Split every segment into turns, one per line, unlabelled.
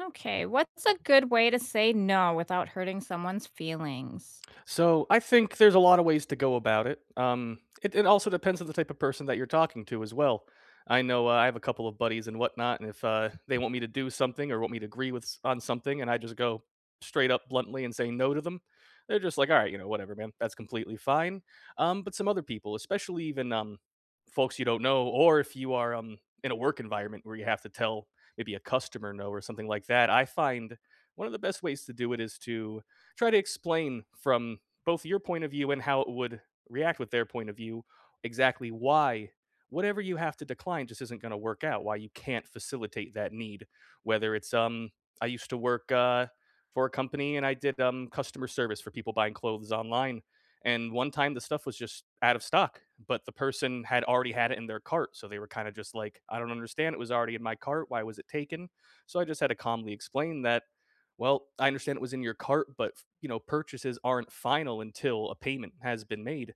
Okay, what's a good way to say no without hurting someone's feelings?
So, I think there's a lot of ways to go about it. Um, it it also depends on the type of person that you're talking to as well. I know, uh, I have a couple of buddies, and whatnot, and if, uh, they want me to do something, or want me to agree with s on something, and I just go straight up bluntly, and say no to them, they're just like, "Alright, you know, whatever, man, that's completely fine," um, but some other people, especially even, um, folks you don't know, or if you are, um, in a work environment where you have to tell maybe a customer no, or something like that, I find one of the best ways to do it is to try to explain from both your point of view, and how it would react with their point of view exactly why whatever you have to decline just isn't gonna work out, why you can't facilitate that need. Whether it's, um I used to work, uh, for a company, and I did, um, customer service for people buying clothes online. And one time, the stuff was just out of stock, but the person had already had it in their cart, so they were kinda just like, "I don't understand, it was already in my cart. Why was it taken?" So I just had to calmly explain that, "Well, I understand it was in your cart, but, f you know, purchases aren't final until a payment has been made,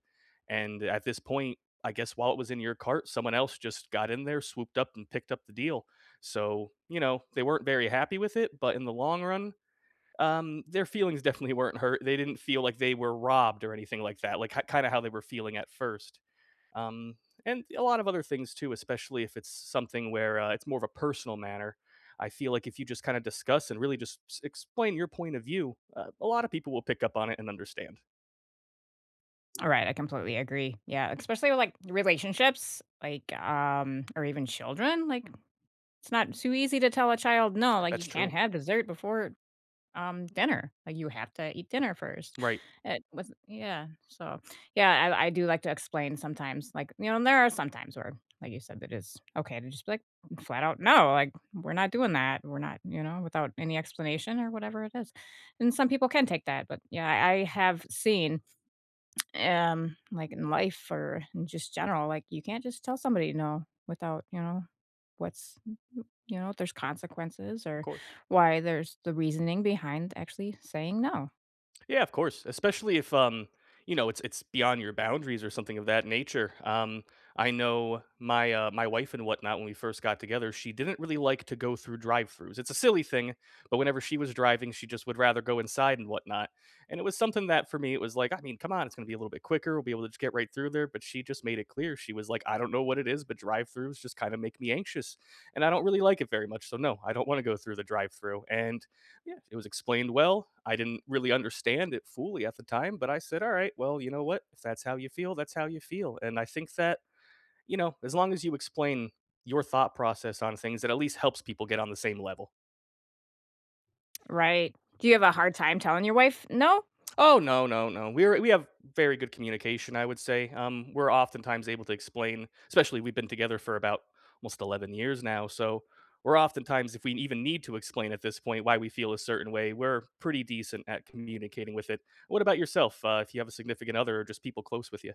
and at this point, I guess, while it was in your cart, someone else just got in there, swooped up, and picked up the deal." So, you know, they weren't very happy with it, but in the long run, um, their feelings definitely weren't hurt, they didn't feel like they were robbed or anything like that, like, k kinda how they were feeling at first. Um, and a lot of other things too, especially if it's s something where, uh, it's more of a personal manner. I feel like if you just kinda discuss, and really just s s explain your point of view, a a lot of people will pick up on it, and understand.
Alright, I completely agree, yeah, especially with, like, relationships, like, um, or even children, like, it's not too easy to tell a child, "No, like, you
That's
can't
true.
have dessert before, um, dinner. Like, you have to eat dinner first."
Right.
It was Yeah, so, yeah, I I do like to explain sometimes, like you know, there are sometimes where, like you said, that is okay to just be, like, flat out, "No. Like, we're not doing that, we're not," you know, without any explanation or whatever it is. And some people can take that, but, yeah, I have seen, eh um, like, in life or in just general, like, you can't just tell somebody no without, you know, what's y y you know, if there's consequences or
Course.
why there's the reasoning behind actually saying no.
Yeah, of course. Especially if, um, you know, it's it's beyond your boundaries or something of that nature, um, I know my uh, my wife and whatnot, when we first got together, she didn't really like to go through drive-throughs. It's a silly thing, but whenever she was driving, she just would rather go inside and whatnot. And it was something that for me, it was like, "I mean, come on, it's gonna be a little bit quicker, we'll be able to just get right through there," but she just made it clear, she was like, "I don't know what it is, but drive-throughs just kinda make me anxious. And I don't really like it very much, so, no, I don't wanna go through the drive-through," and, yeah, it was explained well, I didn't really understand it fully at the time, but I said, "Alright. Well, you know what? If that's how you feel, that's how you feel," and I think that, you know, as long as you explain your thought process on things, it at least helps people get on the same level.
Right. Do you have a hard time telling your wife no?
Oh, no, no, no, we're we have very good communication, I would say, um, we're oftentimes able to explain especially, we've been together for about almost 11 years now, so we're oftentimes if we even need to explain at this point why we feel a certain way, we're pretty decent at communicating with it. What about yourself, uh, if you have a significant other or just people close with ya?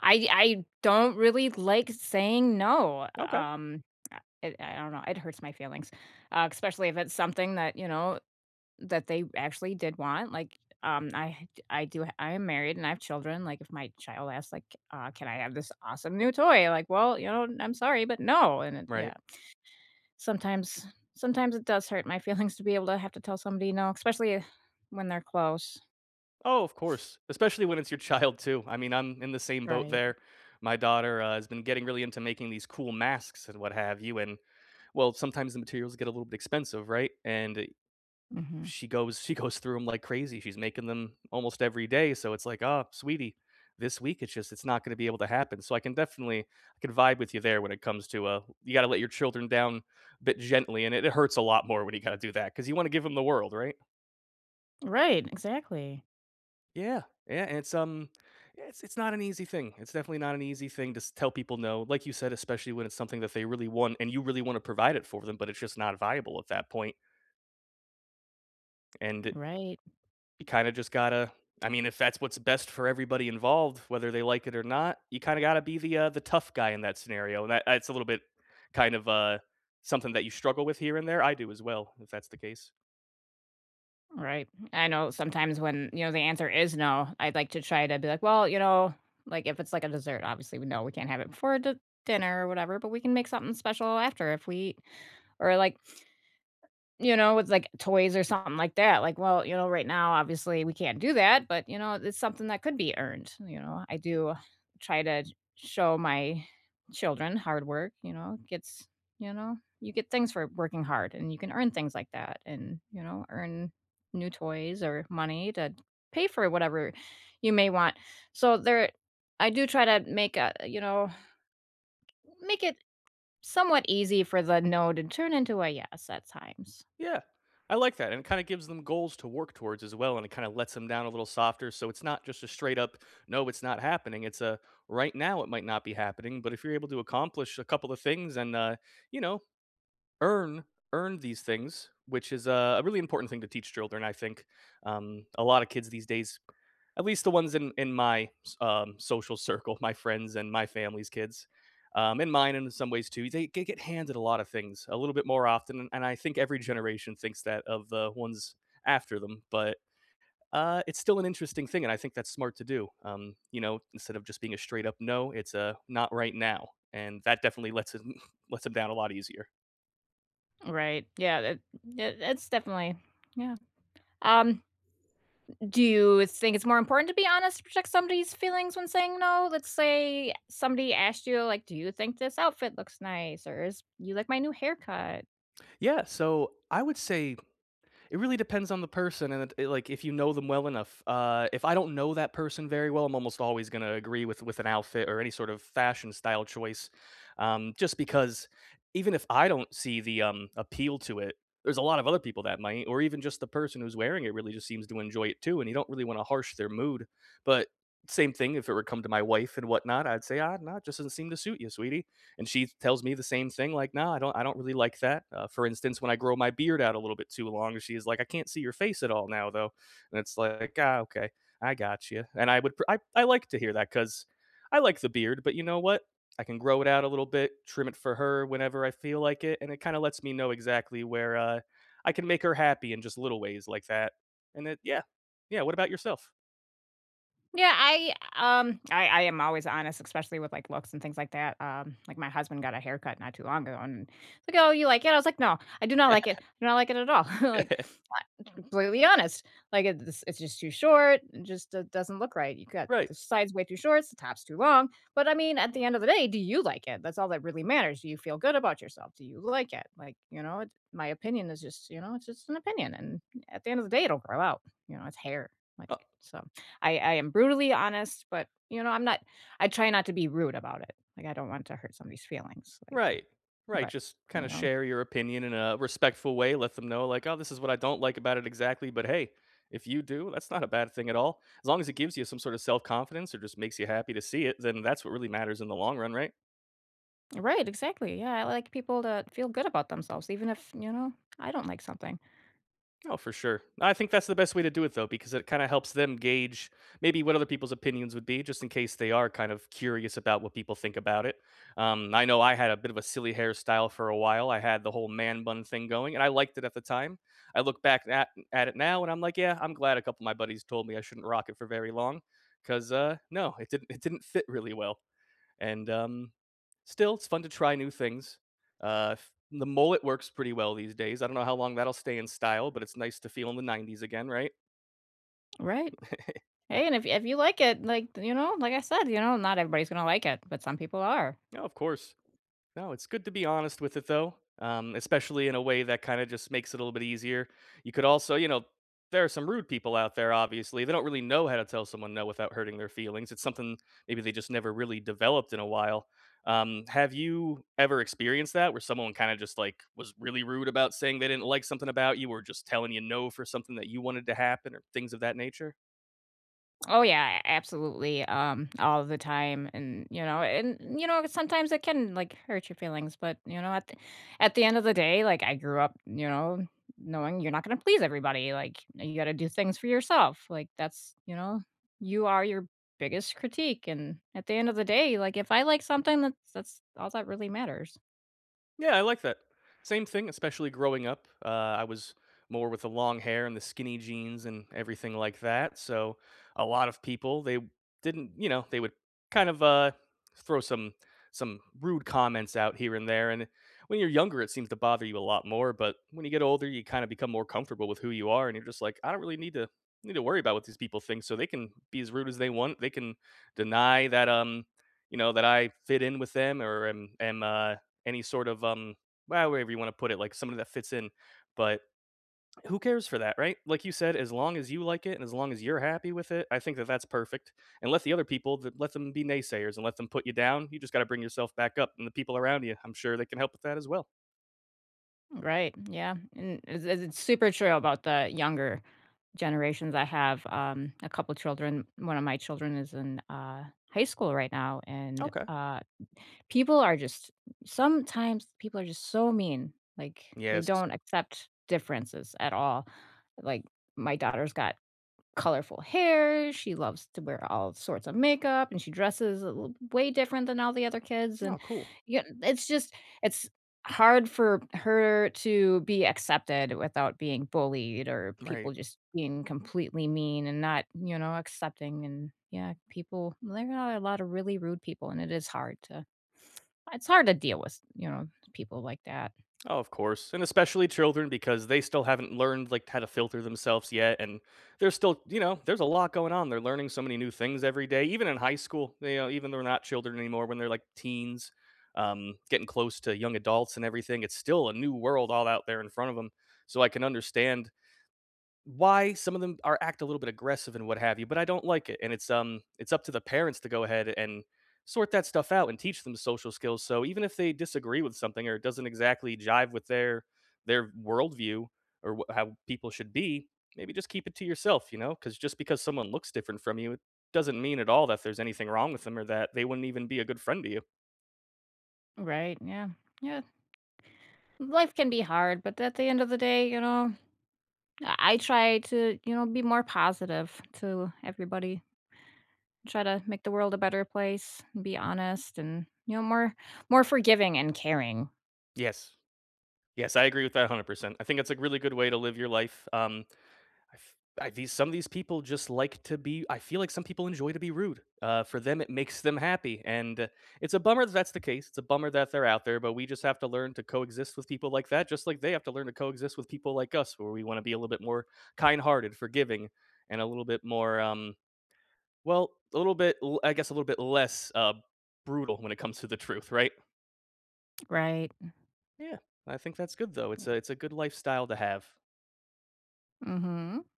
I I don't really like saying no,
Okay.
um, uh, it I don't know, it hurts my feelings, uh, especially if it's something that, you know, that they actually did want. Like, um, I I do I am married, and I have children, like, if my child asks, like, uh, "Can I have this awesome new toy?" Like, "Well, you know, I'm sorry, but no," and it
Right.
yeah. Sometimes sometimes it does hurt my feelings to be able to have to tell somebody no, especially when they're close.
Oh, of course. Especially when it's your child, too. I mean, I'm in the same boat
Right.
there. My daughter, uh, has been getting really into making these cool masks and what have you, and, well, sometimes the materials get a little bit expensive, right? And eh
Mhm.
she goes she goes through 'em like crazy, she's making them almost every day, so it's like, "Oh, sweetie, this week, it's just it's not gonna be able to happen." So I can definitely I can vibe with you there when it comes to, uh, you gotta let your children down a bit gently, and it it hurts a lot more when you gotta do that, 'cause you wanna give them the world, right?
Right. Exactly.
Yeah, yeah, it's, um, yeah it's it's not an easy thing, it's definitely not an easy thing s to tell people "no", like you said, especially when it's something that they really want and you really wanna provide it for them, but it's just not viable at that point. And i
Right.
you kinda just gotta I mean, if that's what's best for everybody involved, whether they like it or not, you kinda gotta be the, uh, the tough guy in that scenario, and tha it's a little bit kind of, uh, something that you struggle with here and there, I do as well, if that's the case.
Right, I know sometimes when, you know, the answer is "no", I'd like to try to be like, "Well, you know" like, if it's like a dessert, obviously, "We no we can't have it before the dinner or whatever, but we can make something special after if we" or, like you know, it's like toys or something like that. Like, "Well, you know, right now, obviously, we can't do that, but, you know, it's something that could be earned," you know? I do try to y show my children hard work, you know? It gets you know? You get things for working hard, and you can earn things like that and, you know, earn new toys or money that pay for whatever you may want. So there I do try to make, uh, you know, make it somewhat easy for the "no" to turn into a "yes" at times.
Yeah. I like that, and it kinda gives them goals to work towards as well, and it kinda lets ‘em down a little softer, so it's not just a straight up, "No, it's not happening." It's a, "Right now, it might not be happening, but if you're able to accomplish a couple of things and, uh, you know, earn earn these things," which is, uh, a really important thing to teach children, I think. Um, a lotta kids these days, at least the ones in in my s um, social circle, my friends and my family's kids, um, and mine, in some ways too, they they get handed a lotta things a little bit more often, and I think every generation thinks that of the ones after them. But, uh, it's still an interesting thing, and I think that's smart to do, um, you know, instead of just being a straight up "No," it's a "not right now." And that definitely lets 'em lets 'em down a lot easier.
Right, yeah, eh that that's definitely yeah. Um do you think it's more important to be honest to protect somebody's feelings when saying "no"? Let's say somebody asked you, like, "Do you think this outfit looks nice?" Or "Is you like my new haircut?"
Yeah, so, I would say, it really depends on the person, and it it it like if you know them well enough uh, if I don't know that person very well, I'm almost always gonna agree with with an outfit or any sort of fashion style choice, um, just because even if I don't see the, um, appeal to it, there's a lot of other people that might or even just the person who's wearing it really just seems to enjoy it too, and you don't really wanna harsh their mood. But, same thing, if it were come to my wife and whatnot, I'd say, "Ah, nah, it just doesn't seem to suit you, sweetie," and she tells me the same thing, like, "Nah, I don't I don't really like that." Uh, for instance, when I grow my beard out a little bit too long, she's like, "I can't see your face at all now, though," and it's like, "Ah, okay. I gotcha," and I would pr I I like to hear that, 'cause I like the beard, but you know what? I can grow it out a little bit, trim it for her whenever I feel like it, and it kinda lets me know exactly where, uh, I can make her happy in just little ways like that, and it yeah. Yeah, what about yourself?
Yeah, I, um, I I am always honest, especially with, like, looks and things like that, um, like, my husband got a haircut not too long ago, and he's like, "Oh, you like it?" I was like, "No, I do not like it, I do not like it at all," like, uh, completely honest, like, it's it's just too short, it just d doesn't look right. You got
Right.
the sides way too short, the top's too long, but, I mean, at the end of the day, do you like it? That's all that really matters, do you feel good about yourself? Do you like it? Like, you know, my opinion is just, you know, it's just an opinion, and at the end of the day, it'll grow out, you know? It's hair,
O
like, so I I am brutally honest, but, you know, I'm not I try not to be rude about it, like, I don't want to hurt somebody's feelings, like,
Right. Right,
but,
just
you
kinda
know?
share your opinion in a respectful way. Let them know, like, "Oh, this is what I don't like about it exactly, but hey, if you do, that's not a bad thing at all. As long as it gives you some sorta self-confidence or just makes you happy to see it, then that's what really matters in the long run, right?"
Right, exactly, yeah. I like people to feel good about themselves even if, you know, I don't like something.
Oh, for sure. I think that's the best way to do it, though, because it kinda helps them gauge maybe what other people's opinions would be just in case they are kind of curious about what people think about it. Um, I know I had a bit of a silly hairstyle for a while, I had the whole man bun thing going, and I liked it at the time. I look back at at it now, and I'm like, "Yeah, I'm glad a couple of my buddies told me I shouldn't rock it for very long, 'cause, uh, no, it didn't it didn't fit really well," and, um, still, it's fun to try new things. Uh, f the mullet works pretty well these days, I don't know how long that'll stay in style, but it's nice to feel in the ‘90s again, right?
Right. Hey, and if if you like it, like, you know, like I said, you know, not everybody's gonna like it, but some people are.
No, of course. No, it's good to be honest with it, though, um, especially in a way that kinda just makes it a little bit easier. You could also, you know there are some rude people out there, obviously, they don't really know how to tell someone "no" without hurting their feelings. It's something maybe they just never really developed in a while. Um, have you ever experienced that where someone kinda just, like, was really rude about saying they didn't like something about you, or just telling you "no" for something that you wanted to happen, or things of that nature?
Oh, yeah, a absolutely, um, all the time, and, you know and, you know, sometimes it can, like, hurt your feelings. But, you know, at at the end of the day, like, I grew up, you know, knowing you're not gonna please everybody, like, you gotta do things for yourself, like, that's you know, you are your biggest critique and, at the end of the day, like, if I like something, that's that's all that really matters.
Yeah, I like that. Same thing, especially growing up, uh, I was more with the long hair, and the skinny jeans, and everything like that, so a lot of people, they didn't, you know, they would kind of, uh, throw some some rude comments out here and there, and when you're younger, it seems to bother you a lot more, but when you get older, you kinda become more comfortable with who you are, and you're just like, "I don't really need to need to worry about what these people think so they can be as rude as they want, they can deny that, um, you know, that I fit in with them or am am, uh, any sort of, um, well, however you wanna put it, like, somebody that fits in." But who cares for that, right? Like you said, as long as you like it and as long as you're happy with it, I think that that's perfect. And let the other people let them be naysayers, and let them put you down, you just gotta bring yourself back up, and the people around ya, I'm sure they can help with that as well.
Right, yeah, and as it's super true about the younger generations, I have, um, a couple children. One of my children is in, uh, high school right now, and,
Okay.
uh, people are just sometimes people are just so mean. Like, they
Yes.
don't accept differences at all. Like, my daughter's got colorful hair, she loves to wear all sorts of makeup, and she dresses a l way different than all the other kids, and,
Oh, cool.
yeah n it's just it's hard for her to be accepted without being bullied or people
Right.
just being completely mean and not, you know, accepting and, yeah, people there are a lot of really rude people, and it is hard to it's hard to deal with, you know, people like that.
Oh, of course, and especially children because they still haven't learned, like, how to filter themselves yet, and there's still, you know, there's a lot going on; they're learning so many new things every day, even in high school, you know, even they're not children anymore when they're, like, teens, um, getting close to young adults and everything, it's still a new world all out there in front of 'em. So, I can understand why some of them are act a little bit aggressive and what have you, but I don't like it, and it's, um, it's up to the parents to go ahead and sort that stuff out and teach them social skills, so even if they disagree with something or it doesn't exactly jive with their their worldview or w how people should be, maybe just keep it to yourself, you know? 'Cause just because someone looks different from you, doesn't mean at all that there's anything wrong with 'em or that they wouldn't even be a good friend to you.
Right, yeah, yeah. Life can be hard, but at the end of the day, you know, I I try to, you know, be more positive to everybody. Try to make the world a better place, be honest, and, you know, more more forgiving and caring.
Yes. Yes, I agree with that 100%. I think it's a really good way to live your life, um, I've I've these some of these people just like to be I feel like some people enjoy to be rude, uh, for them, it makes them happy, and it's a bummer that that's the case, it's a bummer that they're out there, but we just have to learn to coexist with people like that, just like they have to learn to coexist with people like us, where we wanna be a little bit more kind-hearted, forgiving, and a little bit more, um, well, a little bit l I guess a little bit less, uh, brutal when it comes to the truth, right?
Right.
Yeah. I think that's good, though, it's
Yeah.
a it's a good lifestyle to have.
Mhm.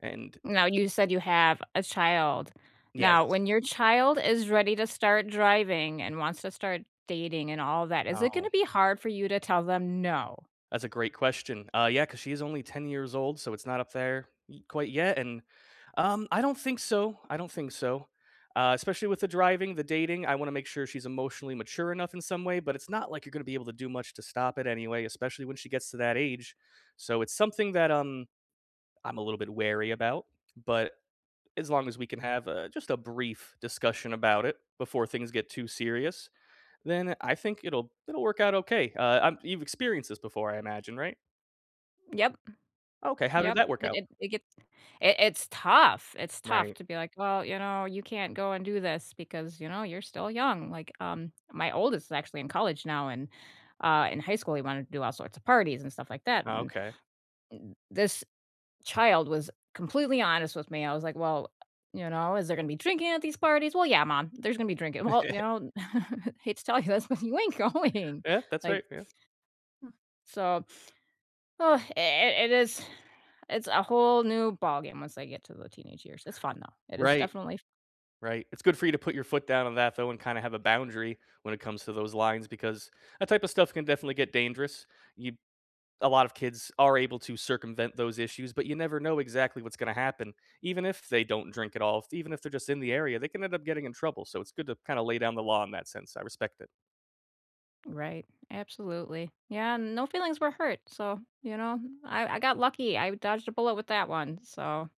And
Now, you said you have a child.
Yes.
Now, when your child is ready to start driving and wants to start dating and all that, is it
Oh.
gonna be hard for you to tell them "no?"
That's a great question. Uh, yeah, 'cause she is only 10 years old, so it's not up there y quite yet, and, um I don't think so, I don't think so. Uh, especially with the driving, the dating, I wanna make sure she's emotionally mature enough in some way, but it's not like you're gonna be able to do much to stop it anyway, especially when she gets to that age. So, it's something that, um, I'm a little bit wary about, but as long as we can have, uh, just a brief discussion about it, before things get too serious, then I think it'll it'll work out okay, uh um, you've experienced this before, I imagine, right?
Yep.
Okay, how did
Yep,
that work
it
out?
it it gets it it's tough, it's tough
Right.
to be like, "Well, you know, you can't go and do this because, you know, you're still young," like, um, my oldest is actually in college now, and, uh, in high school, he wanted to do all sorts of parties and stuff like that, and
Okay.
and this child was completely honest with me, I was like, "Well, you know, is there gonna be drinking at these parties?" "Well, yeah, mom, there's gonna be drinking." "Well, you know, hate to tell you this, but you ain't going."
Yeah, that's right,
Like
yeah.
So, i i it is it's a whole new ballgame once they get to the teenage years, it's fun, though, it is
Right.
definitely f
Right, it's good for you to put your foot down on that, though, and kinda have a boundary when it comes to those lines, because that type of stuff can definitely get dangerous. You a lot of kids are able to circumvent those issues, but you never know exactly what's gonna happen even if they don't drink at all, f even if they're just in the area, they can end up getting in trouble, so it's good to kinda lay down the law in that sense, I respect it.
Right, absolutely, yeah, no feelings were hurt, so, you know, I I got lucky, I dodged a bullet with that one, so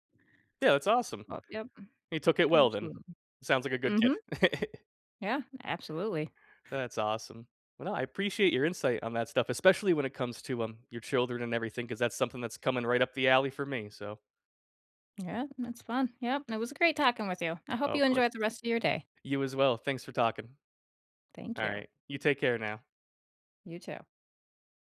Yeah, that's awesome.
But, yep.
He took it well then.
Absolutely.
Sounds like a good kid.
Mhm. Yeah, absolutely.
That's awesome. Well, no, I appreciate your insight on that stuff, especially when it comes to, um, your children and everything, 'cause that's something that's coming right up the alley for me, so
Yeah, that's fun, yep, and it was great talking with you, I
Oh,
hope
of
you
course.
enjoy the rest of your day.
You as well, thanks for talking.
Thank you.
Alright. You take care now.
You too.